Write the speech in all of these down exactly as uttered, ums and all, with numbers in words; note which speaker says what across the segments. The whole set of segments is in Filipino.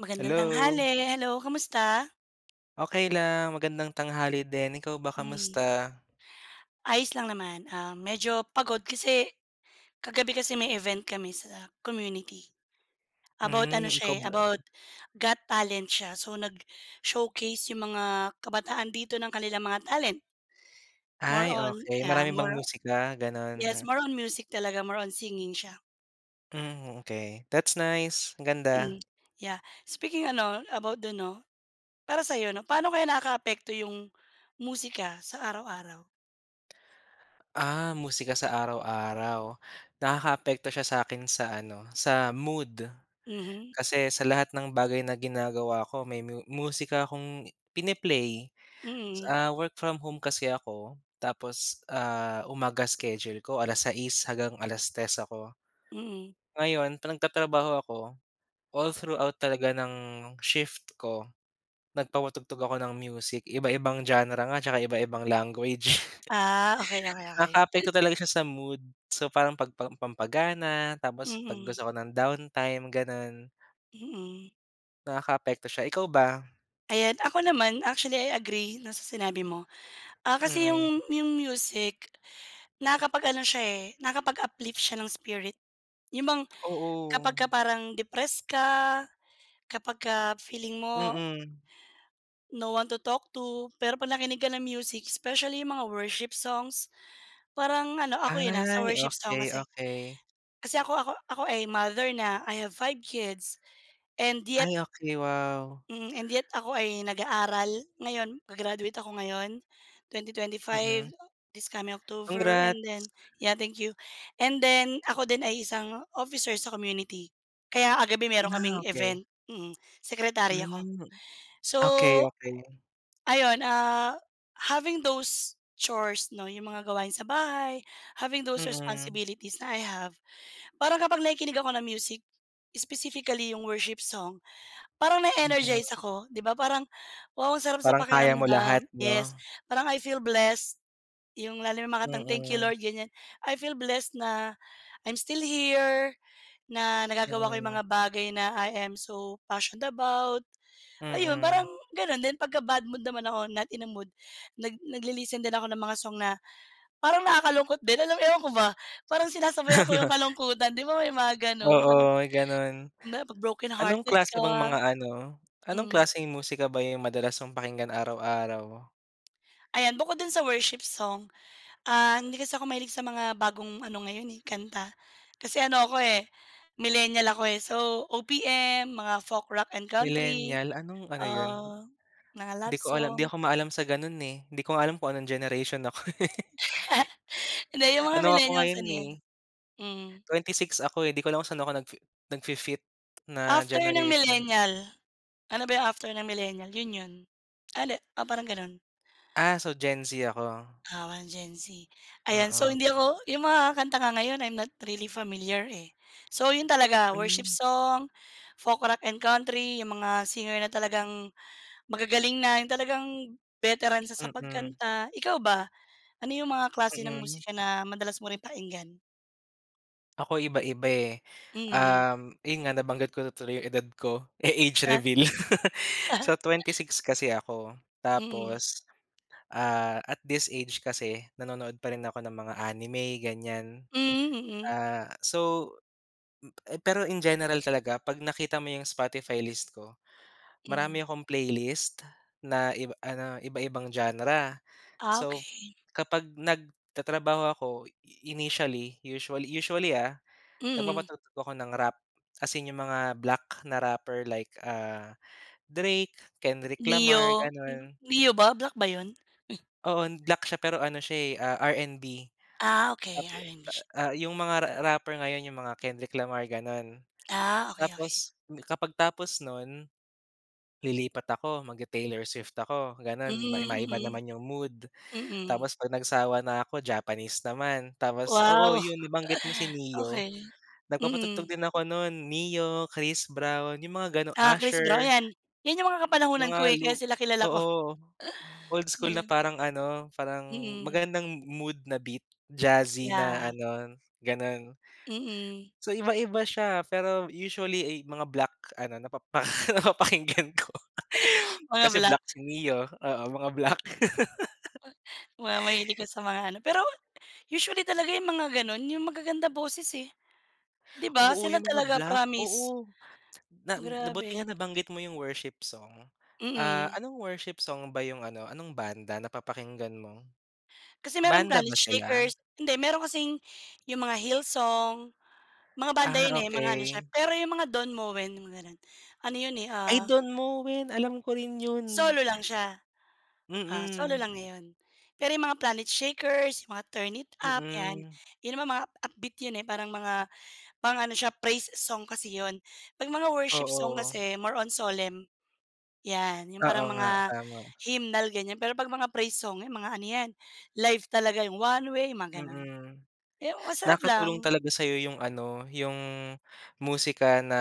Speaker 1: Magandang
Speaker 2: Hello.
Speaker 1: tanghali. Hello, kamusta?
Speaker 2: Okey lang. Magandang tanghali din. Ikaw ba,
Speaker 1: Mm.
Speaker 2: kamusta?
Speaker 1: Ayos lang naman, ah, medyo pagod kasi kagabi kasi may event kami sa community. About ano
Speaker 2: Hmm, ikaw
Speaker 1: siya eh,
Speaker 2: ba?
Speaker 1: about Got Talent siya. So, nag-showcase yung mga kabataan dito ng kanilang mga talent. More
Speaker 2: Ay,
Speaker 1: on
Speaker 2: okey.
Speaker 1: yeah,
Speaker 2: Marami bang
Speaker 1: more
Speaker 2: musika, ganun?
Speaker 1: yes, more on music talaga, more on singing siya.
Speaker 2: Hmm, okey. That's nice. Ang ganda.
Speaker 1: Mm, yeah. Speaking ano, about dun 'no, para sa'yo 'no, paano kaya nakakaapekto yung musika sa araw-araw?
Speaker 2: Ah, musika sa araw-araw? Nakakaapekto siya sa akin sa ano, sa mood.
Speaker 1: Mhm.
Speaker 2: Kasi sa lahat ng bagay na ginagawa ko may mu musika akong pini-play,
Speaker 1: Mm.
Speaker 2: ah, work from home kasi ako. Tapos, ah, umaga schedule ko, alas-sais hanggang alas-tres ako.
Speaker 1: Mm.
Speaker 2: Ngayon, 'pag nagtatrabaho ako, all throughout talaga ng shift ko nagpapatugtog ako ng music, iba-ibang genre nga, tsaka iba-ibang language.
Speaker 1: Ah, okey, okey, okey.
Speaker 2: Nakaapekto talaga siya sa mood. So, parang pag pampagana tapos 'pag
Speaker 1: Mm.
Speaker 2: gusto ko ng downtime, gano'n.
Speaker 1: Mm.
Speaker 2: Nakakaapekto siya, ikaw ba?
Speaker 1: Ayan, ako naman actually I agree na sa sinabi mo. Ah, kasi
Speaker 2: Mm.
Speaker 1: yung, yung music nakakapag-ano siya eh, nakakapag-uplift siya ng spirit. Yung mga
Speaker 2: Oo.
Speaker 1: kapagka parang depressed ka, kapagka feeling mo
Speaker 2: Mm.
Speaker 1: no one to talk to. Pero 'pag nakinig ka ng music, specially yung mga worship songs, parang ano, ako yun, ah, sa
Speaker 2: Ay,
Speaker 1: worship song
Speaker 2: okey,
Speaker 1: kasi,
Speaker 2: okey.
Speaker 1: kasi ako ako ako ay mother na, I have five kids and yet
Speaker 2: Ay, okey, wow.
Speaker 1: Mm, and yet, ako ay nag-aaral ngayon. Ga-graduate ako ngayon, twenty
Speaker 2: Mm.
Speaker 1: twenty-five, this coming octover and
Speaker 2: Congrats.
Speaker 1: then yeah, thank you, and then, ako din ay isang officer sa community. Kaya kagabi meron kaming
Speaker 2: Ah, okey.
Speaker 1: event, mm, secretary ako.
Speaker 2: Hmm.
Speaker 1: So,
Speaker 2: Okey, okey.
Speaker 1: ayun, ah, having those chores 'no, yung mga gawain sa bahay, having those
Speaker 2: Mm.
Speaker 1: responsibilities na I have, parang kapag nakikinig ako ng music, specifically yung worship song, parang
Speaker 2: Mm.
Speaker 1: na-energize ako, di ba parang, wow ang sarap sa
Speaker 2: Parang kaya mo
Speaker 1: pakiramdam
Speaker 2: lahat,
Speaker 1: yes.
Speaker 2: 'no?
Speaker 1: Parang I feel blessed, yung lalo na mga kantang Thank you
Speaker 2: Mm.
Speaker 1: Lord, ganiyan. I feel blessed na I'm still here, na nagagawa ko yung
Speaker 2: Mm.
Speaker 1: mga bagay na I am so passioned about. Ayun, parang
Speaker 2: Mm.
Speaker 1: ganun. Then pagka-bad mood naman ako, not in a mood, nag nagli-listen din ako ng mga song na parang nakakalungkot din, alam mo yun, ewan ko ba, parang sinasabayan ko yung kalungkutan, di ba, may mga gano'n. Parang
Speaker 2: Oo, may ganun.
Speaker 1: [unintelligible] 'pag
Speaker 2: Anong
Speaker 1: brokenhearted
Speaker 2: klase
Speaker 1: ka,
Speaker 2: bang mga ano, anong
Speaker 1: hmm.
Speaker 2: klaseng musika ba yung madalas mong pakinggan araw-araw?
Speaker 1: Ayan, bukod dun sa worship song. Ah, hindi kasi ako mahilig sa mga bagong ano ngayon, eh, kanta. Kasi ano ako, eh, millennial ako, eh. So, O-P-M, mga folk, rock and country.
Speaker 2: Millenial, anong ano yun?
Speaker 1: Ah, mga
Speaker 2: Di
Speaker 1: love
Speaker 2: ko alam. Di
Speaker 1: song.
Speaker 2: ako maalam sa ganun, eh. Di ko nga alam kung anong generation ako eh.
Speaker 1: Hindi, yung mga
Speaker 2: Ano ako
Speaker 1: millennials
Speaker 2: ngayon
Speaker 1: ano
Speaker 2: eh,
Speaker 1: yan, mm.
Speaker 2: twenty six ako eh. Di ko alam kung saan ako nag-fi nag-fi-fit na
Speaker 1: After ng
Speaker 2: generation.
Speaker 1: millennial, ano ba after ng millennial? Yun yun. Ale oh, parang ganun.
Speaker 2: Ah. So, Gen-Z ako?
Speaker 1: Ah, one Gen-Z, ayan. So,
Speaker 2: Oo.
Speaker 1: hindi ako yung mga kanta nga ngayon, I'm not really familiar eh. So, 'yon talaga, worship
Speaker 2: Mm.
Speaker 1: song, folk, rock and country. Yung mga singer na talagang magagaling na, yung talagang veteran sa sa
Speaker 2: Mm.
Speaker 1: pagkanta, ikaw ba? Ano yung mga klase ng
Speaker 2: Mm.
Speaker 1: musika na madalas mo rin pakinggan?
Speaker 2: Ako iba-iba eh.
Speaker 1: Mm.
Speaker 2: Um, yun nga nabanggit ko na tuloy yung edad ko, eh age
Speaker 1: Ah.
Speaker 2: reveal. So, twenty-six kasi ako,
Speaker 1: Mm.
Speaker 2: tapos, ah, at this age kasi nanonood pa rin ako ng mga anime ganyan.
Speaker 1: Mm, mm.
Speaker 2: Ah, so, mm, pero in general talaga 'pag nakita mo yung Spotify list ko,
Speaker 1: Mm.
Speaker 2: marami akong playlist na iba ano, iba-ibang genre.
Speaker 1: Ah,
Speaker 2: So
Speaker 1: okey.
Speaker 2: kapag nagtatrabaho ako i initially usually usually, ah,
Speaker 1: Mm.
Speaker 2: nagpapatugtog ako ng rap ,as in yung mga black na rapper like, ah, Drake, Kendrick Lamar,
Speaker 1: Ne-yo?
Speaker 2: ganon.
Speaker 1: Ne-yo ba, black ba yun?
Speaker 2: Oo, black siya, pero ano siya eh, ah, R&B.
Speaker 1: Ah,
Speaker 2: At,
Speaker 1: okey R&B siya.
Speaker 2: ah, ah, yung mga ra rapper ngayon yung mga Kendrick Lamar gano'n.
Speaker 1: Ah, okey, okey.
Speaker 2: Tapos kapag tapos nun, lilipat ako, mag-te-Taylor Swift ako gano'n, mai maiba
Speaker 1: Mm,
Speaker 2: naman yung mood.
Speaker 1: mm. Mm.
Speaker 2: Tapos 'pag nagsawa na ako Japanese naman, tapos oo
Speaker 1: Wow!
Speaker 2: yun nabanggit mo si Neyo,
Speaker 1: Okey,
Speaker 2: nagpapatugtog
Speaker 1: mm.
Speaker 2: din ako nun Ne-yo, Chris Brown, yung mga ganu
Speaker 1: Ah Chris Brown,
Speaker 2: Usher.
Speaker 1: 'yan. 'Yan yung mga kapanahunan ko
Speaker 2: Mga
Speaker 1: eh,
Speaker 2: lum
Speaker 1: kaya sila kilala ko.
Speaker 2: oo old school na
Speaker 1: 'Yan.
Speaker 2: parang ano, parang
Speaker 1: Mm.
Speaker 2: magandang mood na beat, jazzy
Speaker 1: Yeah.
Speaker 2: na ano, gano'n.
Speaker 1: Mm.
Speaker 2: So iba-iba siya, pero usually ey mga black ano napapaka napapakinggan ko,
Speaker 1: Mga
Speaker 2: kasi
Speaker 1: black.
Speaker 2: black si Ne-yo, oo mga black.
Speaker 1: Wow. Mahilig ka sa mga ano. Pero usually talaga yung mga ganun, yung magagandang boses eh. 'Di ba
Speaker 2: Oo
Speaker 1: sila
Speaker 2: yung mga
Speaker 1: talaga
Speaker 2: black,
Speaker 1: promise.
Speaker 2: oo, na na buti nga
Speaker 1: Grabe.
Speaker 2: nabanggit mo yung worship song. Ah,
Speaker 1: Mm.
Speaker 2: anong worship song ba yung ano, anong banda napapakinggan mo?
Speaker 1: Kasi meron
Speaker 2: Banda
Speaker 1: Planet
Speaker 2: ba sila?
Speaker 1: Shakers hindi meron kasing yung mga Hill Song. Mga banda
Speaker 2: Ah,
Speaker 1: yun eh, mga ano siya,
Speaker 2: okey.
Speaker 1: pero yung mga Don Moen mga ganun, ano yun eh,
Speaker 2: Ay
Speaker 1: ah
Speaker 2: Don Moen, alam ko rin yun.
Speaker 1: Solo lang siya, ah, solo
Speaker 2: Mm.
Speaker 1: lang ngayon. Pero 'yong mga Planet Shakers, mga Turn It Up 'yan,
Speaker 2: Mm.
Speaker 1: 'yon naman mga upbeat 'yon parang mga pang ano, siya praise song kasi 'yon. 'Pag mga worship song
Speaker 2: Oo.
Speaker 1: kasi more on solemn. Yan, yung
Speaker 2: Oo
Speaker 1: parang
Speaker 2: nga,
Speaker 1: mga
Speaker 2: tama.
Speaker 1: hymnal ganyan, pero pag mga praise song, yan mga ano yan life talaga, yung One Way, mga gano'n.
Speaker 2: Mm,
Speaker 1: Yung masarap
Speaker 2: nakatulong
Speaker 1: lang.
Speaker 2: talaga sa'yo yung ano, yung musika na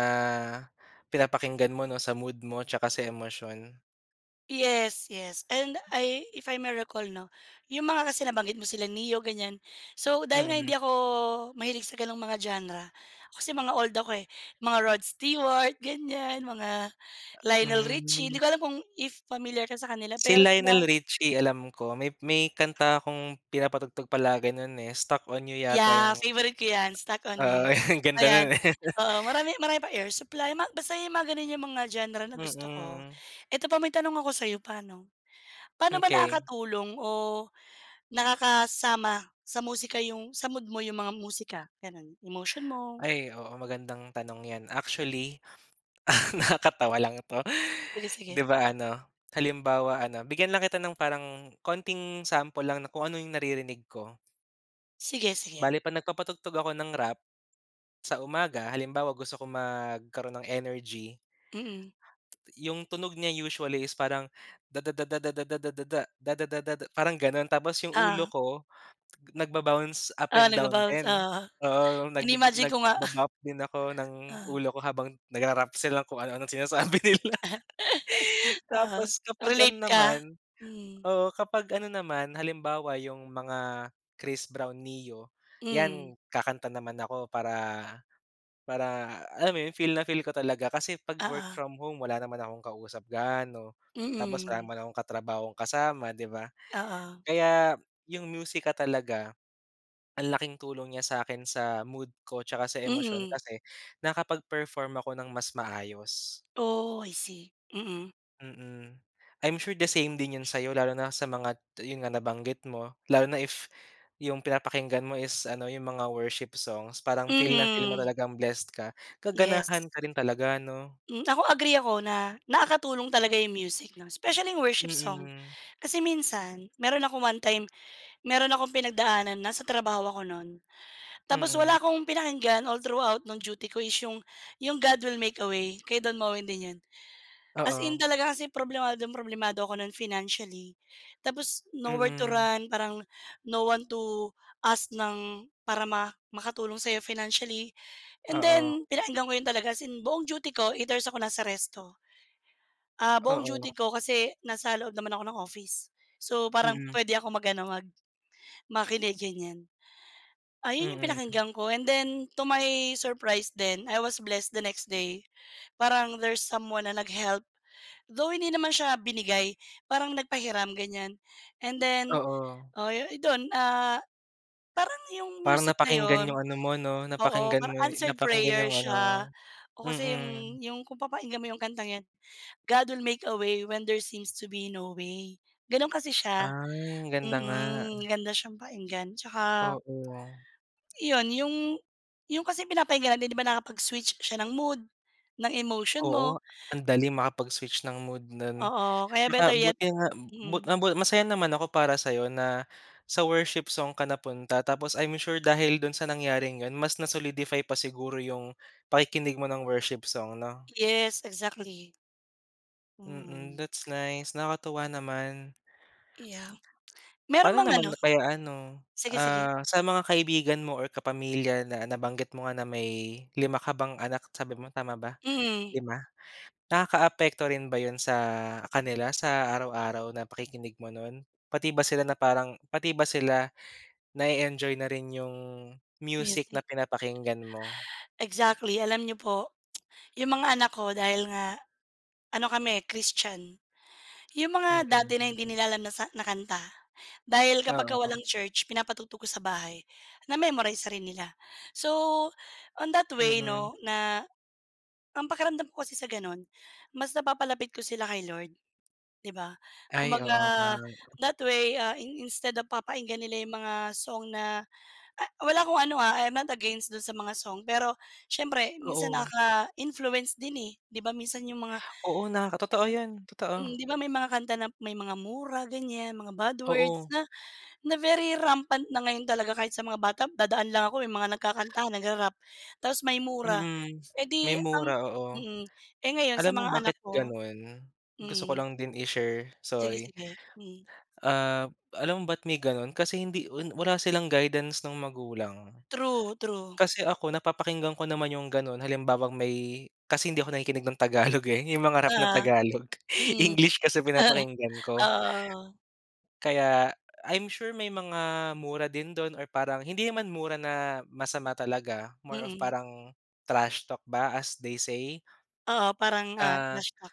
Speaker 2: pinapakinggan mo 'no, sa mood mo, tsaka sa emosyon.
Speaker 1: Yes, yes and I if I may recall 'no, yung mga kasi nabanggit mo sila Ne-yo ganyan, so, dahil nga
Speaker 2: Mm.
Speaker 1: hindi ako mahilig sa ganong mga genre kasi mga old ako eh, mga Rod Stewart ganyan, mga Lionel Richie hindi
Speaker 2: Hmm.
Speaker 1: ko alam kung if familiar ka sa kanila
Speaker 2: Si
Speaker 1: pero sila.
Speaker 2: Lionel Richie alam ko may may kanta 'kong pinapatugtog palagay nun, eh, "Stuck on You" yata
Speaker 1: Yeah,
Speaker 2: yung
Speaker 1: favorite ko 'yan "Stuck on
Speaker 2: Oo,
Speaker 1: You."
Speaker 2: ang ganda
Speaker 1: Ayan,
Speaker 2: nun eh.
Speaker 1: oo marami marami pa Air Supply basta mga ganun 'yong mga genre na gusto ko.
Speaker 2: Mm.
Speaker 1: Eto pa may tanong ako sa'yo, paano, paano ba
Speaker 2: Okey.
Speaker 1: nakakatulong o nakakasama sa musika 'yong sa mood mo 'yong mga musika? Gano'n, emotion mo?
Speaker 2: Ay, oo magandang tanong 'yan actually ...nakakatawa lang 'to.
Speaker 1: Sige,
Speaker 2: 'Di
Speaker 1: sige.
Speaker 2: ba ano halimbawa ano bigyan lang kita ng parang konting sample lang na kung ano yung naririnig ko.
Speaker 1: Sige, sige.
Speaker 2: Bale pag nagpapatugtog ako ng rap sa umaga, halimbawa gusto ko magkaroon ng energy.
Speaker 1: Mm.
Speaker 2: 'Yung tunog niya usually is parang da da da da da da da da da da da da parang ganon, tapos yung ulo
Speaker 1: Oo.
Speaker 2: ko nagba-bounce up
Speaker 1: Ah,
Speaker 2: and down
Speaker 1: nagba-bounce,
Speaker 2: din.
Speaker 1: oo.
Speaker 2: Oo, nag
Speaker 1: Iniimagine ko nga.
Speaker 2: nagba-bop din ako ng
Speaker 1: Ah.
Speaker 2: ulo ko habang nagra-rap sila kung ano-anong sinasabi nila.
Speaker 1: Oo,
Speaker 2: Tapos kapag ano
Speaker 1: relate
Speaker 2: naman.
Speaker 1: ka. Mhm.
Speaker 2: Oo, kapag ano naman, halimbawa yung mga Chris Brown, Ne-yo
Speaker 1: Mhm.
Speaker 2: 'yan kakanta naman ako para, para alam mo yun feel na feel ko talaga kasi pag work
Speaker 1: Oo.
Speaker 2: from home wala naman akong kausap gaano, tapos wala
Speaker 1: Mm.
Speaker 2: naman akong katrabahong kasama 'di ba.
Speaker 1: Oo.
Speaker 2: Kaya yung musika talaga, ang laking tulong niya sa'kin sa mood ko tsaka sa emosyon
Speaker 1: Mm.
Speaker 2: kasi nakakapag-perform ako ng mas maayos.
Speaker 1: Oh, I see, mm.
Speaker 2: Mm. I'm sure the same din yun sa'yo lalo na sa mga yun nga, nabanggit mo. Lalo na if yung pinapakinggan mo is ano, yung mga worship songs. Parang feel na feel mo
Speaker 1: Mm.
Speaker 2: talagang blessed ka,
Speaker 1: Yes.
Speaker 2: gaganahan ka rin talaga, 'no?
Speaker 1: Hmm. Ako agree ako na nakakatulong talaga yung music 'no, specially worship song.
Speaker 2: Mm.
Speaker 1: Kasi minsan, meron akong one time meron akong pinagdaanan, nasa trabaho ako nun tapos
Speaker 2: Mm.
Speaker 1: wala akong pinakinggan all throughout ng duty ko is yung yung "God Will Make a Way" kay Don Moen din yun. As in
Speaker 2: Oo.
Speaker 1: talaga kasi problemadong problemado ako nun financially tapos no where to
Speaker 2: Mm.
Speaker 1: run, parang no one to ask ng para ma makatulong sa'yo financially. And
Speaker 2: Oo.
Speaker 1: then pinakinggan ko yun talaga as in buong duty ko eight hours akong nasa resto. Ah, buong duty
Speaker 2: Oo.
Speaker 1: ko kasi nasa loob naman ako ng office. So, parang
Speaker 2: Mm.
Speaker 1: pwede akong mag ano, mag makinig, ganyan. Ah, 'yon 'yong
Speaker 2: Mm.
Speaker 1: pinakinggan ko and then to my surprise then, I was blessed the next day parang there's someone na nag-help. Though hindi naman siya binigay. Parang nagpahiram, ganyan. And then,
Speaker 2: Oo.
Speaker 1: oh, dun, ah, parang 'yong
Speaker 2: Parang
Speaker 1: music na
Speaker 2: napakinggan
Speaker 1: 'yon.
Speaker 2: yung ano mo 'no,
Speaker 1: Oo,
Speaker 2: napakinggan
Speaker 1: parang
Speaker 2: mo
Speaker 1: answered
Speaker 2: napakinggan
Speaker 1: prayer
Speaker 2: yung ano mo,
Speaker 1: siya. Oo, kasi
Speaker 2: mm.
Speaker 1: 'yong yung kung papakinggan mo 'yong kantang 'yan, 'God will make a way when there seems to be no way,' gano'n kasi siya.
Speaker 2: Ay, ang ganda nga.
Speaker 1: Mm, ganda siyang pakinggan tsaka
Speaker 2: Oo.
Speaker 1: iyon, yung yung kasi pinapakinggan natin di ba nakapag-switch siya ng mood, ng emotion mo.
Speaker 2: Oo, ang dali makapag-switch ng mood nun.
Speaker 1: Oo, kaya better
Speaker 2: Tsaka
Speaker 1: yet
Speaker 2: buti nga bu
Speaker 1: mm.
Speaker 2: bu masaya naman ako para sa'yo na sa worship song ka napunta tapos I'm sure dahil dun sa nangyaring yun mas na solidify pa siguro yung pakikinig mo ng worship song, 'no?
Speaker 1: Yes, exactly.
Speaker 2: Mm,
Speaker 1: Mm.
Speaker 2: that's nice. Nakakatuwa naman.
Speaker 1: Yeah, meron
Speaker 2: Paano
Speaker 1: mang
Speaker 2: naman
Speaker 1: ano
Speaker 2: kaya ano,
Speaker 1: sige, sige.
Speaker 2: ah, sa mga kaibigan mo or kapamilya na nabanggit mo nga na may lima ka bang anak sabi mo, tama ba,
Speaker 1: Mm.
Speaker 2: lima? Nakakaapekto rin ba yun sa kanila sa araw-araw na pakikinig mo nun? Pati ba sila na parang pati ba sila na-e-enjoy na rin yung music
Speaker 1: Music.
Speaker 2: na pinapakinggan mo?
Speaker 1: Exactly. Alam niyo po yung mga anak ko dahil nga ano kami, eh, Christian. Yung mga dati na
Speaker 2: Mm.
Speaker 1: hindi nila alam na sa na kanta dahil kapagka
Speaker 2: Oo.
Speaker 1: walang church pinapatugtog ko sa bahay, na-memorize rin nila. So, on that way
Speaker 2: Mm.
Speaker 1: 'no, na ang pakiramdam ko kasi sa gano'n mas napapalapit ko sila kay Lord, di ba?
Speaker 2: Ay,
Speaker 1: Kumbaga,
Speaker 2: oo nga.
Speaker 1: that way, ah, in instead of papakinggan nila yung mga song na ah, wala akong ano, ah, I am not against dun sa mga song, pero siyempre minsan
Speaker 2: Oo.
Speaker 1: nakaka-influence din, eh. Di ba minsan yung mga
Speaker 2: Oo, nakaka
Speaker 1: ano
Speaker 2: totoo
Speaker 1: yun?
Speaker 2: yun,
Speaker 1: Mm,
Speaker 2: totoo.
Speaker 1: di ba may mga kanta na may mga mura ganyan, mga bad words
Speaker 2: Oo.
Speaker 1: na na very rampant na ngayon talaga kahit sa mga bata. Dadaan lang ako may mga nagkakanta, nagra-rap tapos may mura.
Speaker 2: Mm,
Speaker 1: Eh,
Speaker 2: may
Speaker 1: di ang
Speaker 2: mura, oo.
Speaker 1: mm. Eh, ngayon sa
Speaker 2: Alam mo
Speaker 1: mga anak
Speaker 2: bakit
Speaker 1: ko
Speaker 2: ganun? Gusto ko
Speaker 1: mm.
Speaker 2: lang din i-share,
Speaker 1: Sige,
Speaker 2: sorry.
Speaker 1: sige, mm.
Speaker 2: Ah, alam mo ba't may gano'n? Kasi hindi wala silang guidance ng magulang.
Speaker 1: True, true.
Speaker 2: Kasi ako napapakinggan ko naman yung gano'n halimbawang may kasi hindi ako nakikinig ng Tagalog, eh. Yung mga rap ng
Speaker 1: Oo,
Speaker 2: Tagalog.
Speaker 1: mm.
Speaker 2: English kasi pinapakinggan
Speaker 1: Oo,
Speaker 2: ko.
Speaker 1: oo.
Speaker 2: Kaya I'm sure may mga mura din dun or parang hindi naman mura na masama talaga, more of
Speaker 1: Mm.
Speaker 2: parang trashtalk ba as they say.
Speaker 1: Oo, parang, ah,
Speaker 2: Ah,
Speaker 1: na-shock.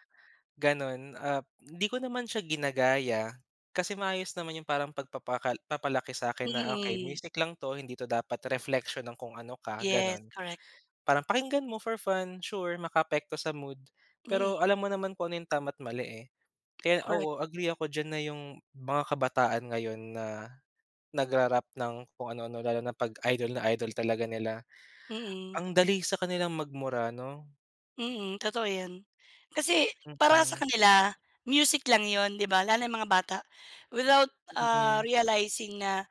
Speaker 2: ganun. Ah, di ko naman siya ginagaya. Kasi maayos naman yung parang pagpapakal papalaki sa'kin na, "Okey,
Speaker 1: Mm.
Speaker 2: music lang 'to, hindi 'to dapat reflection ng kung ano ka,"
Speaker 1: Yes,
Speaker 2: gano'n.
Speaker 1: correct.
Speaker 2: Parang pakinggan mo for fun, sure makaapekto sa mood.
Speaker 1: Mm.
Speaker 2: Pero alam mo naman kung ano yung tama at mali, eh. Kaya
Speaker 1: Correct.
Speaker 2: oo, agree ako diyan na yung mga kabataan ngayon na nagra-rap ng kung ano-ano lalo na 'pag idol na idol talaga nila,
Speaker 1: Mm.
Speaker 2: ang dali sa kanilang magmura, 'no?
Speaker 1: Mm, totoo 'yon. Kasi para sa
Speaker 2: Mhm.
Speaker 1: kanila music lang 'yon, 'di ba? Lalo 'yong mga bata without, ah,
Speaker 2: Mm.
Speaker 1: realizing na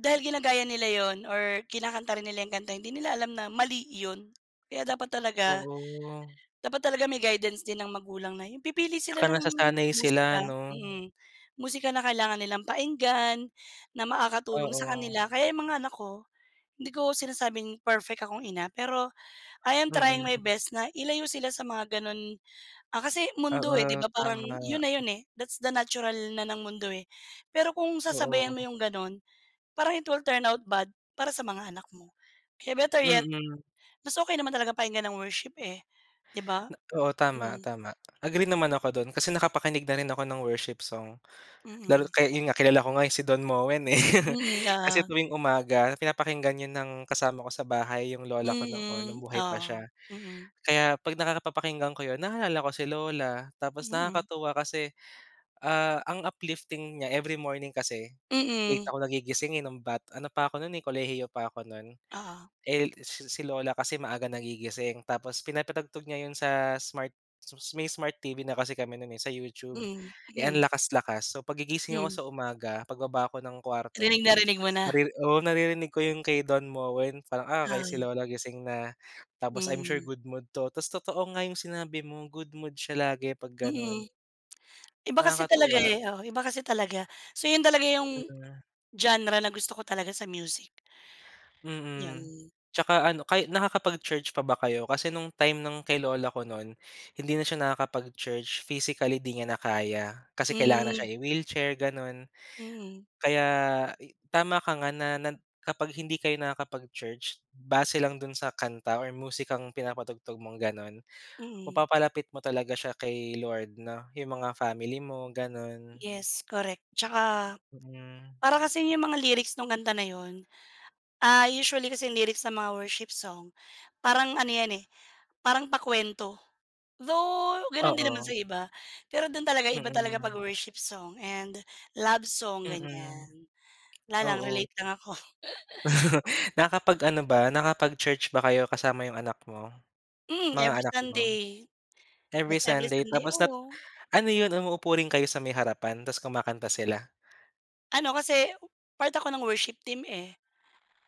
Speaker 1: Dahil ginagaya nila 'yon or kinakanta rin nila 'yong kanta hindi nila alam na mali 'yon kaya dapat talaga.
Speaker 2: Oo.
Speaker 1: Dapat talaga may guidance din ng magulang na 'yong pipili sila
Speaker 2: Tsaka
Speaker 1: ng
Speaker 2: nasasanay sila,
Speaker 1: musika.
Speaker 2: ano?
Speaker 1: Mm. Musika na kailangan nilang pakinggan, na makakatulong sa
Speaker 2: Oo.
Speaker 1: kanila. Kaya 'yong mga anak ko, hindi ko sinasabing perfect akong ina, pero I am trying my
Speaker 2: Mm.
Speaker 1: best na ilayo sila sa mga gano'n, ah, kasi mundo, eh, 'di
Speaker 2: Oo,
Speaker 1: ba parang 'yon
Speaker 2: tama.
Speaker 1: na 'yon, eh. That's the natural na ng mundo, eh. Pero kung sasabayan mo
Speaker 2: Oo.
Speaker 1: 'yong gano'n, parang it will turn out bad para sa mga anak mo. Kaya better yet,
Speaker 2: Mm.
Speaker 1: mas okay naman talaga pakinggan ang worship, eh, 'di ba?
Speaker 2: Na oo, tama,
Speaker 1: Mm.
Speaker 2: tama. Agree naman ako do'n kasi nakapakinig na rin ako ng worship song. Lalo
Speaker 1: Mm.
Speaker 2: kaya, iyon nga, kilala ko nga 'yong si Don Moen, eh.
Speaker 1: Mm,
Speaker 2: Kasi
Speaker 1: oo.
Speaker 2: tuwing umaga pinapakinggan 'yon ng kasama ko sa bahay, 'yong lola ko noon, no'ng
Speaker 1: Mm,
Speaker 2: buhay pa siya.
Speaker 1: oo. Mm.
Speaker 2: Kaya 'pag nakaka papakinggan ko 'yon naalala ko si lola. Tapos
Speaker 1: Mm.
Speaker 2: nakakatuwa kasi, uh, ang uplifting niya. Every morning kasi late
Speaker 1: Mm.
Speaker 2: ako nagigising, eh, no'ng bat ano pa ako no'n, eh, kolehiyo pa ako no'n.
Speaker 1: Oo.
Speaker 2: Eh, l si si lola kasi maaga nagigising. Tapos pinapatugtog niya 'yon sa smart s m may smart TV na kasi kami no'n, eh, sa YouTube.
Speaker 1: Mm,
Speaker 2: Eh, ang
Speaker 1: mm.
Speaker 2: lakas-lakas. So 'pag gigising ako
Speaker 1: Hmm.
Speaker 2: sa umaga, pagbaba ko ng kwarto,
Speaker 1: Rinig na rinig mo na.
Speaker 2: nairiri oo, naririnig ko 'yong kay Don Moen. Parang, "Ah, okey, si
Speaker 1: Oo.
Speaker 2: lola gising na." Tapos I'm sure
Speaker 1: Hmm.
Speaker 2: good mood 'to. Tas totoo nga 'yong sinabi mo. Good mood siya lagi 'pag gano'n.
Speaker 1: Mm. Iba kasi talaga,
Speaker 2: Nakakatuwa.
Speaker 1: eh. Oo, iba kasi talaga. So 'yon talaga 'yong
Speaker 2: Mm.
Speaker 1: genre na gusto ko talaga sa music.
Speaker 2: Mm.
Speaker 1: 'Yan.
Speaker 2: Tsaka, ano kay nakakapag-church pa ba kayo? Kasi no'ng time ng kay lola ko no'n, hindi na siya nakakapag-church, physically 'di niya na kaya. Kasi kailangan na
Speaker 1: Mm.
Speaker 2: siya i-wheelchair, gano'n.
Speaker 1: Mm.
Speaker 2: Kaya i tama ka nga na nan kapag hindi kayo nakakapag-church, base lang do'n sa kanta or musikang pinapatugtog mong gano'n,
Speaker 1: Mm.
Speaker 2: mapapalapit mo talaga siya kay Lord, no? 'Yong mga family mo, gano'n.
Speaker 1: Yes, correct. 'Tsaka
Speaker 2: Mm.
Speaker 1: para kasing 'yong mga lyrics no'ng kanta na 'yon ah, usually kasi ang lyrics ng mga worship song, parang ano 'yan, eh, parang pakuwento. Though gano'n din naman
Speaker 2: Oo.
Speaker 1: sa iba. Pero do'n talaga iba talaga 'pag
Speaker 2: Mm.
Speaker 1: worship song and love song,
Speaker 2: Mm,
Speaker 1: ganiyan. 'La lang,
Speaker 2: oo.
Speaker 1: relate lang ako.
Speaker 2: Nakapag-ano ba nakapag-church ba kayo kasama 'yong anak mo?
Speaker 1: Mm,
Speaker 2: Mga
Speaker 1: every
Speaker 2: anak mo?
Speaker 1: Sunday.
Speaker 2: Every
Speaker 1: Every
Speaker 2: Sunday
Speaker 1: Sunday,
Speaker 2: tapos nap
Speaker 1: oo.
Speaker 2: ano 'yon umuupo rin kayo sa may harapan tas kumakanta sila?
Speaker 1: Ano kasi part ako ng worship team, eh.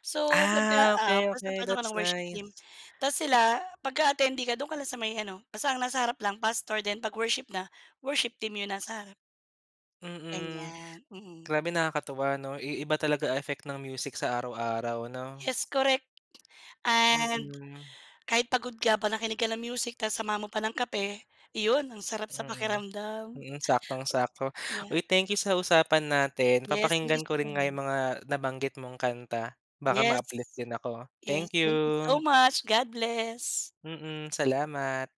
Speaker 1: So kumbaga,
Speaker 2: Ah,
Speaker 1: ah,
Speaker 2: okey,
Speaker 1: present
Speaker 2: okey,
Speaker 1: part ako
Speaker 2: that's
Speaker 1: ng worship
Speaker 2: nice.
Speaker 1: team tas sila, 'pagka attendee ka do'n ka lang sa may ano, basta ang nasa harap lang pastor 'pag worship na worship team 'yong nasa harap.
Speaker 2: Mm.
Speaker 1: Ganiyan, mm.
Speaker 2: Grabe, nakakatuwa, 'no? I iba talaga effect ng music sa araw-araw, 'no?
Speaker 1: Yes, correct. And
Speaker 2: Mm.
Speaker 1: kahit pagod ka 'pag nakinig ka ng music tas samahan mo pa ng kape, iyon, ang sarap sa
Speaker 2: Mm.
Speaker 1: pakiramdam.
Speaker 2: Mm, saktong-sakto.
Speaker 1: Yeah.
Speaker 2: Uy, thank you sa usapan natin.
Speaker 1: Yes, thank you
Speaker 2: Papakinggan
Speaker 1: sa
Speaker 2: ko rin
Speaker 1: time,
Speaker 2: nga
Speaker 1: ah.
Speaker 2: 'yong mga nabanggit mong kanta. Baka
Speaker 1: Yes.
Speaker 2: ma-uplift din ako.
Speaker 1: Yes.
Speaker 2: Thank you.
Speaker 1: Thank you so much. God bless.
Speaker 2: Mm, salamat.